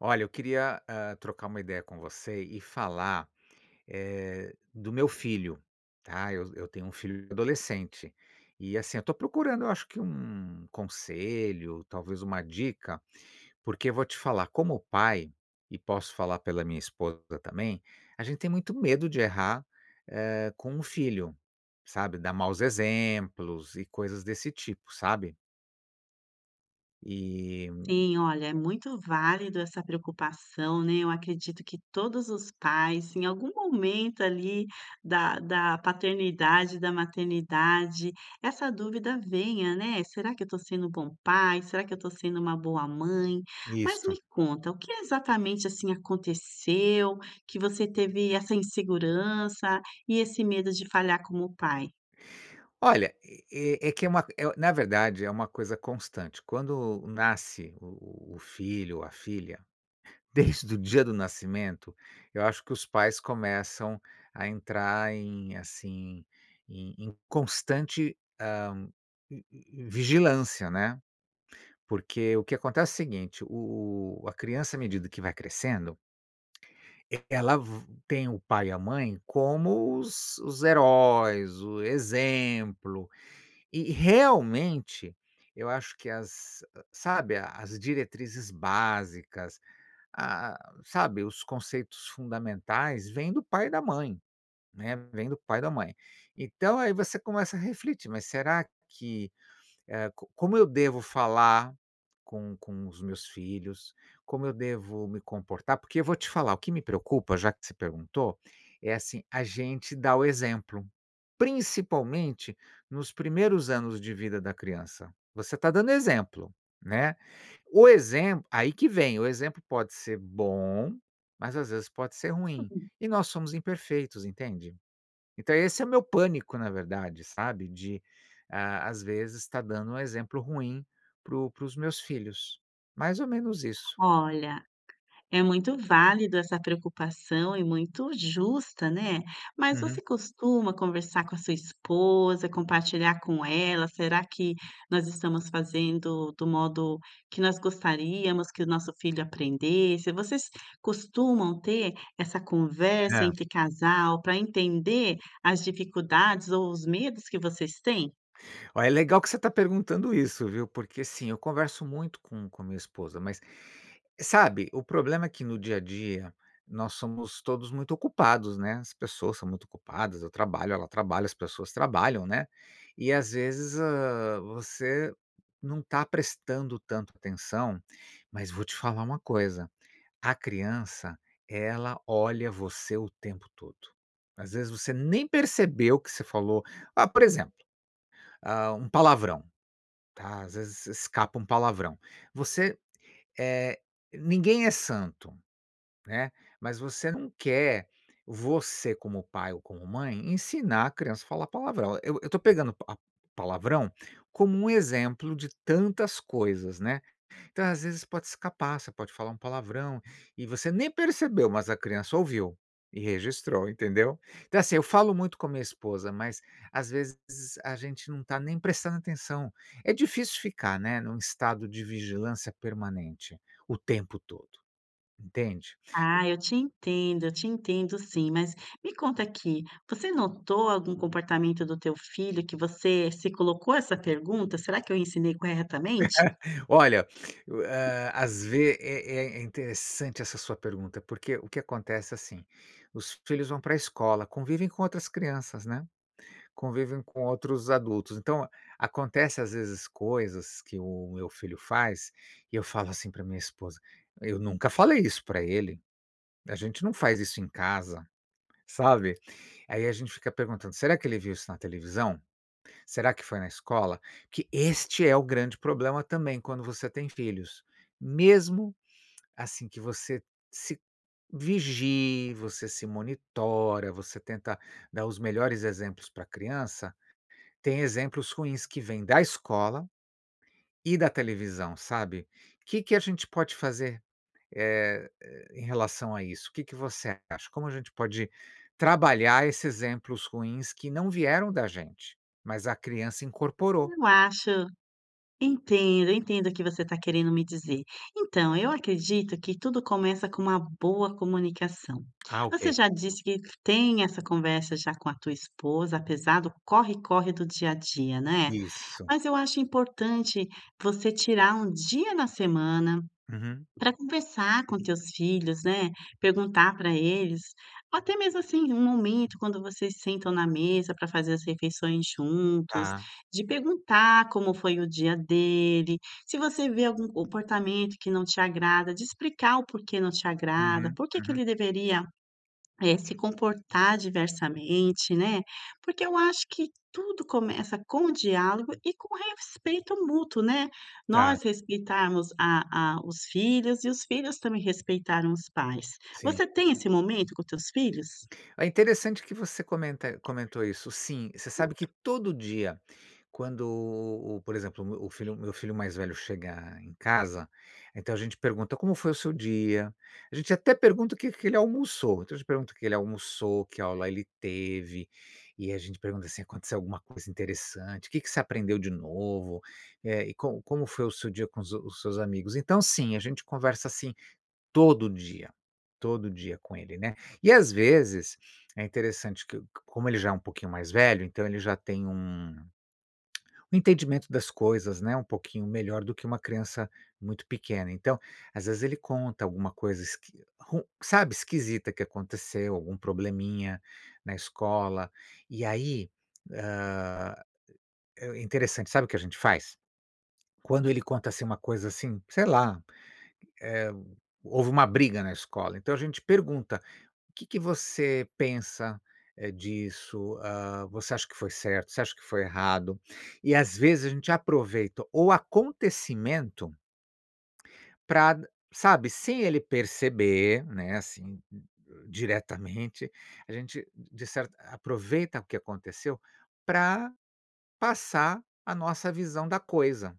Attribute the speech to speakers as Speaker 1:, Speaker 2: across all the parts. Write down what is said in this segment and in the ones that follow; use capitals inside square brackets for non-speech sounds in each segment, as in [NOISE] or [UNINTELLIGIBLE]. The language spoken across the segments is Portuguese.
Speaker 1: Olha, eu queria, hã, trocar uma ideia com você e falar, eh, do meu filho, tá, eu eu tenho um filho adolescente e, assim, eu tô procurando eu acho que um conselho, talvez uma dica, porque vou te falar como pai e, posso falar pela minha esposa também, a gente tem muito medo de errar, hã, com um filho, sabe, dar maus exemplos e coisas desse tipo, sabe? E hum
Speaker 2: Sim, olha, é muito válido essa preocupação, né, eu acredito que todos os pais, em algum momento, ali, da da paternidade, e da maternidade, essa dúvida venha, né, "será que eu tô sendo bom pai? Será que eu tô sendo uma boa mãe?" Mas me
Speaker 1: Isso.
Speaker 2: conta o que exatamente, assim, aconteceu que você teve essa insegurança e esse medo de falhar como pai?
Speaker 1: Olha, e e é que é uma c eh, na verdade, é uma coisa constante. Quando nasce o o o filho ou a filha, desde o dia do nascimento, eu acho que os pais começam a entrar em, assim, em em constante, hã, hum hum hum, vigilância, né. Porque o que acontece é o seguinte: o o a criança, à medida que vai crescendo, [CLICKS TONGUE] eh, ela v tem o pai e a mãe como os os heróis, o exemplo, e e realmente, eu acho que as sabe, a as diretrizes básicas, ah ah, sabe, os conceitos fundamentais, vêm do pai e da mãe, né, vem do pai e da mãe. Então, aí você começa a refletir, "mas será que", hã, "co como eu devo falar com com os meus filhos? Como eu devo me comportar?" Porque eu vou te falar, o que me preocupa, já que se perguntou, é assim: a gente dá o exemplo, principalmente nos primeiros anos de vida da criança, você tá dando exemplo, né, o exemplo aí que vem, o exemplo pode ser bom, mas às vezes pode ser ruim
Speaker 2: [UNINTELLIGIBLE]
Speaker 1: e nós somos imperfeitos, entende? Então esse é o meu pânico, na verdade, sabe, de, hã, às vezes, estar dando um exemplo ruim para o para os meus filhos, mais ou menos isso.
Speaker 2: Olha, é muito válido essa preocupação e muito justa, né, mas
Speaker 1: Uhum.
Speaker 2: você costuma conversar com a sua esposa, compartilhar com ela, "será que nós estamos fazendo do modo que nós gostaríamos que o nosso filho aprendesse?" Vocês costumam ter essa conversa
Speaker 1: É.
Speaker 2: entre casal pra entender as dificuldades, ou os medos que vocês têm?
Speaker 1: Ó, é legal que você tá perguntando isso, viu. Porque sim, eu converso muito com com a minha esposa, mas, sabe, o problema é que no dia a dia nós somos todos muito ocupados, né, as pessoas são muito ocupadas, eu trabalho, ela trabalha, as pessoas trabalham, né, e, às vezes, hã, você não tá prestando tanta atenção, mas vou te falar uma coisa, a criança ela olha você o tempo todo. Às vezes, você nem percebeu o que você falou, ah, por exemplo, hã, um palavrão, tá, às vezes escapa um palavrão, você eh, ninguém é santo, né. Mas você não quer, você como pai ou como mãe, ensinar a criança a falar palavrão. Eu eu tô pegando a palavrão como um exemplo de tantas coisas, né. Então, às vezes, pode escapar, você pode falar um palavrão e você nem percebeu, mas a criança ouviu e registrou, entendeu? Então, assim, eu falo muito com a minha esposa, mas, às vezes, a gente não tá nem prestando atenção. É difícil ficar, né, num estado de vigilância permanente o tempo todo, entende?
Speaker 2: Ah, eu te entendo, eu te entendo sim. Mas, me conta aqui, você notou algum comportamento do teu filho que você se colocou essa pergunta: "Será que eu ensinei corretamente?"?
Speaker 1: [LAUGHS] Olha, o hã, às vez é é é interessante essa sua pergunta, porque o que acontece é, assim, os filhos vão pra a escola, convivem com outras crianças, né, convivem com outros adultos. Então, acontecem, às vezes, coisas que o meu filho faz e eu falo assim pra minha esposa: "Eu nunca falei isso pra ele, a gente não faz isso em casa", sabe? Aí a gente fica perguntando: "Será que ele viu isso na televisão? Será que foi na escola?" Porque este é o grande problema também quando você tem filhos, mesmo, assim, que você se vigie, você se monitora, você tenta dar os melhores exemplos pra criança, têm exemplos ruins que vêm da escola e da televisão, sabe, que que a gente pode fazer, eh eh, em relação a isso? O que que você acha? Como a gente pode trabalhar esses exemplos ruins que não vieram da gente, mas a criança incorporou?
Speaker 2: Eu acho entendo, entendo o que você tá querendo me dizer. Então, eu acredito que tudo começa com uma boa comunicação,
Speaker 1: Ah,
Speaker 2: você
Speaker 1: Ok.
Speaker 2: já disse que tem essa conversa já com a tua esposa, apesar do corre corre do dia a dia, né,
Speaker 1: Isso.
Speaker 2: mas eu acho importante você tirar um dia na semana
Speaker 1: Uhum.
Speaker 2: pra conversar com teus filhos, né? Perguntar pra eles ou até mesmo, assim, um momento quando vocês sentam na mesa pra fazer as refeições juntos,
Speaker 1: Tá.
Speaker 2: de perguntar como foi o dia dele, se você vê algum comportamento que não te agrada, de explicar o porquê não te agrada,
Speaker 1: Uhum,
Speaker 2: porque que
Speaker 1: uhum.
Speaker 2: ele deveria, eh, se comportar diversamente, né, porque eu acho que tudo começa com diálogo e com respeito mútuo, né.
Speaker 1: Tá.
Speaker 2: Nós respeitarmos a a os filhos e os filhos também respeitaram os pais.
Speaker 1: Sim.
Speaker 2: Você tem esse momento com teus filhos?
Speaker 1: Ó, interessante que você comenta comentou isso. Sim, você sabe que todo
Speaker 2: [UNINTELLIGIBLE]
Speaker 1: dia, quando, o o por exemplo, o meu o filho meu filho mais velho chega em casa, então a gente pergunta: "Como foi o seu dia?" A gente até pergunta o que que ele almoçou, então a gente pergunta o que ele almoçou, que aula ele teve e a gente pergunta, assim: "Aconteceu alguma coisa interessante? Que que você aprendeu de novo? Eh, e como como foi o seu dia com os os seus amigos". Então, sim, a gente conversa assim todo dia, todo dia com ele, né. E, às vezes, é interessante que como ele já é um pouquinho mais velho, então ele já tem um [CLICKS TONGUE] um entendimento das coisas, né, um pouquinho melhor do que uma criança muito pequena. Então, às vezes, ele conta alguma coisa, esqui ru sabe, esquisita que aconteceu, algum probleminha na escola, e aí, hã, é interessante, sabe o que a gente faz? Quando ele conta assim uma coisa assim, sei lá, hã, houve uma briga na escola, então a gente pergunta: "O que que você pensa, eh, disso?" Hã, "você acha que foi certo? Você acha que foi errado?" E, às vezes, a gente aproveita o acontecimento pra, sabe, sem ele perceber, né, assim, hum, hã, diretamente, a gente d de certa aproveita o que aconteceu pra passar a nossa visão da coisa.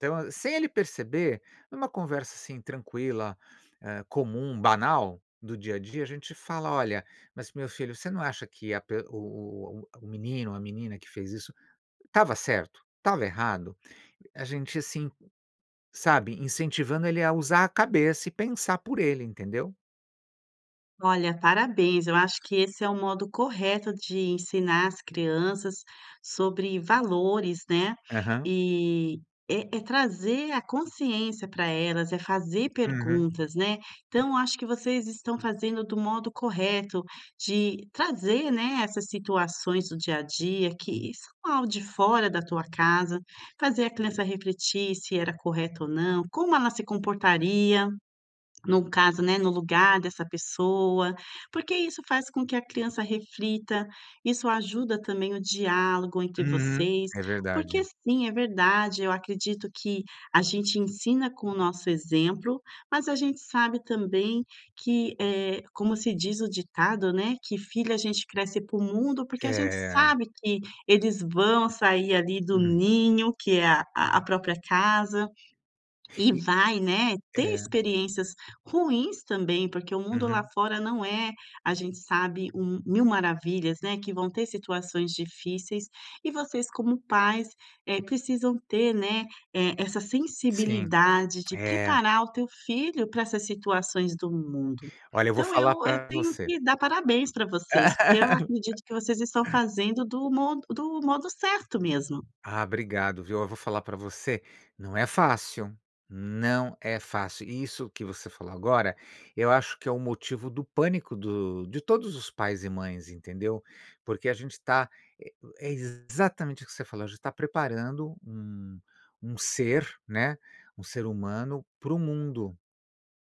Speaker 1: Então, a sem ele perceber, numa conversa, assim, tranquila, eh, comum, banal, do dia a dia, a gente fala: "Olha, mas meu filho, você não acha que a p o o o o menino ou a menina que fez isso estava certo? Estava errado?" A gente, assim, sabe, incentivando ele a usar a cabeça e pensar por ele, entendeu?
Speaker 2: Olha, parabéns, eu acho que esse é o modo correto de ensinar as crianças sobre valores, né.
Speaker 1: Aham.
Speaker 2: E, é é trazer a consciência para elas, é fazer
Speaker 1: Uhum.
Speaker 2: perguntas né. Então acho que vocês estão fazendo do modo correto de trazer, né, essas situações do dia a dia que isso não é algo de fora da tua casa, fazer a criança refletir se era correto ou não, como ela se comportaria no caso, né, no lugar dessa pessoa. Porque isso faz com que a criança reflita, isso ajuda também o diálogo entre
Speaker 1: Uhum.
Speaker 2: vocês.
Speaker 1: É
Speaker 2: Porque
Speaker 1: verdade.
Speaker 2: sim, é verdade, eu acredito que a gente ensina com o nosso exemplo, mas a gente sabe também que, eh, como se diz o ditado, né, que filho a gente cresce para o mundo porque a gente
Speaker 1: É.
Speaker 2: sabe que eles vão sair, ali, do
Speaker 1: Uhum.
Speaker 2: ninho que é a a própria casa. E
Speaker 1: E,
Speaker 2: vai, né, ter
Speaker 1: é.
Speaker 2: experiências ruins também, porque o mundo lá
Speaker 1: Uhum.
Speaker 2: fora não é, a gente sabe, um 1.000 maravilhas, né. Que vão ter situações difíceis e vocês como pais, eh, precisam ter, né, eh, essa
Speaker 1: Sim.
Speaker 2: sensibilidade de
Speaker 1: É.
Speaker 2: preparar o teu filho para essas situações do mundo.
Speaker 1: Olha, eu vou
Speaker 2: Então eu
Speaker 1: falar
Speaker 2: eu
Speaker 1: pra
Speaker 2: tenho
Speaker 1: você.
Speaker 2: que dar parabéns para vocês, porque eu acredito que vocês estão
Speaker 1: [LAUGHS]
Speaker 2: fazendo do modo do modo certo mesmo.
Speaker 1: Ah, obrigado, viu? Eu vou falar pra você. Não é fácil. Não é fácil. Isso que você falou agora, eu acho que é o motivo do pânico do de todos os pais e mães, entendeu. Porque a gente tá, eh, é, exatamente o que você falou, a gente tá preparando um um ser, né, um ser humano para o mundo.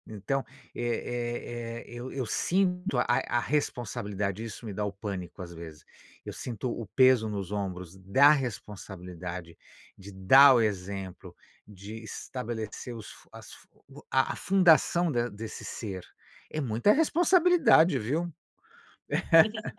Speaker 1: Então, é é é eu eu sinto a a responsabilidade, isso me dá o pânico, às vezes, eu sinto o o peso nos ombros da responsabilidade, de dar o exemplo, de estabelecer os fun as a a fundação de desse ser. É muita responsabilidade, viu?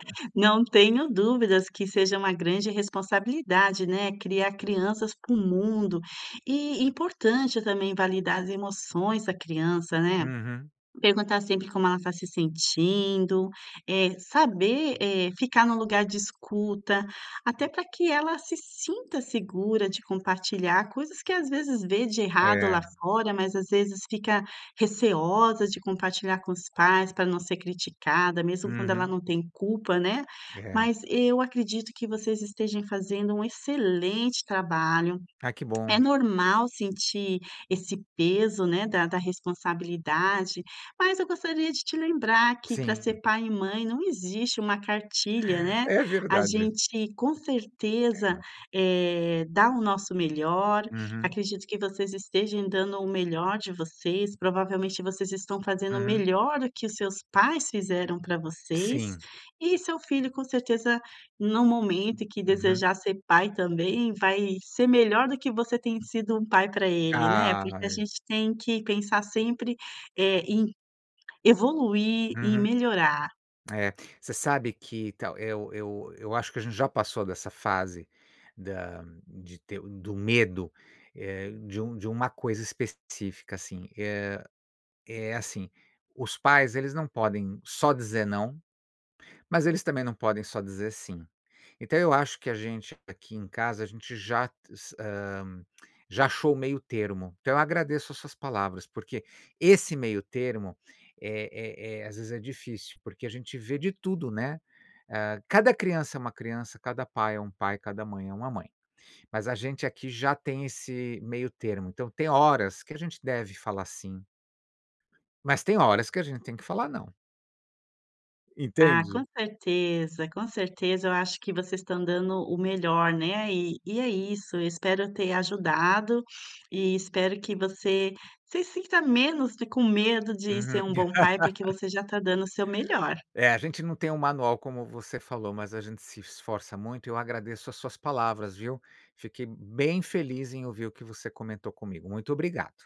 Speaker 1: [LAUGHS]
Speaker 2: Não tenho dúvidas que seja uma grande responsabilidade, né. Criar crianças para o mundo, e importante também validar as emoções da criança, né.
Speaker 1: Uhum.
Speaker 2: Perguntar sempre como ela tá se sentindo, eh, saber, eh, ficar no lugar de escuta, até para que ela se sinta segura de compartilhar coisas que, às vezes, vê de errado lá
Speaker 1: É.
Speaker 2: fora mas, às vezes, fica receosa de compartilhar com os pais para não ser criticada, mesmo quando ela
Speaker 1: Uhum.
Speaker 2: não tem culpa, né.
Speaker 1: É.
Speaker 2: Mas eu acredito que vocês estejam fazendo um excelente trabalho.
Speaker 1: Ah, que
Speaker 2: É
Speaker 1: bom.
Speaker 2: normal sentir esse peso, né, da da responsabilidade, mas eu gostaria de te lembrar que para ser
Speaker 1: Sim.
Speaker 2: pai e mãe não existe uma cartilha, né.
Speaker 1: É
Speaker 2: A
Speaker 1: verdade.
Speaker 2: gente com certeza,
Speaker 1: É.
Speaker 2: eh, dá o nosso melhor.
Speaker 1: Uhum.
Speaker 2: Acredito que vocês estejam dando o melhor de vocês, provavelmente vocês estão fazendo o
Speaker 1: Uhum.
Speaker 2: melhor do que os seus pais fizeram para vocês,
Speaker 1: Sim.
Speaker 2: e seu filho, com certeza, no momento em que
Speaker 1: Uhum.
Speaker 2: desejar ser pai também, vai ser melhor do que você tem sido um pai pra ele, né. Porque a
Speaker 1: Ai.
Speaker 2: gente tem que pensar sempre, eh, em evoluir, em
Speaker 1: Uhum.
Speaker 2: melhorar.
Speaker 1: É, você sabe que então, eu eu eu acho que a gente já passou dessa fase, da de ter do medo, eh, de um de uma coisa específica, assim. Eh, é assim, os pais, eles não podem só dizer não, mas eles também não podem só dizer sim. Então, eu acho que a gente, aqui em casa, a gente já s hã, já achou o meio termo. Então, eu agradeço as suas palavras, porque esse meio termo é é é, às vezes, é difícil porque a gente vê de tudo, né. Hã, cada criança é uma criança, cada pai é um pai, cada mãe é uma mãe. Mas a gente aqui já tem esse meio termo. Então, tem horas que a gente deve falar sim. Mas tem horas que a gente tem que falar não.
Speaker 2: Ah, com
Speaker 1: Entende?
Speaker 2: certeza, com certeza, eu acho que vocês estão dando o melhor, né, e e é isso, eu espero ter ajudado, e espero que você se sinta menos de com medo de ser
Speaker 1: Uhum.
Speaker 2: um bom pai, porque
Speaker 1: [LAUGHS]
Speaker 2: você já tá dando o seu melhor.
Speaker 1: É, a gente não tem um manual como você falou, mas a gente se esforça muito e eu agradeço as suas palavras, viu? Fiquei bem feliz em ouvir o que você comentou comigo. Muito obrigado.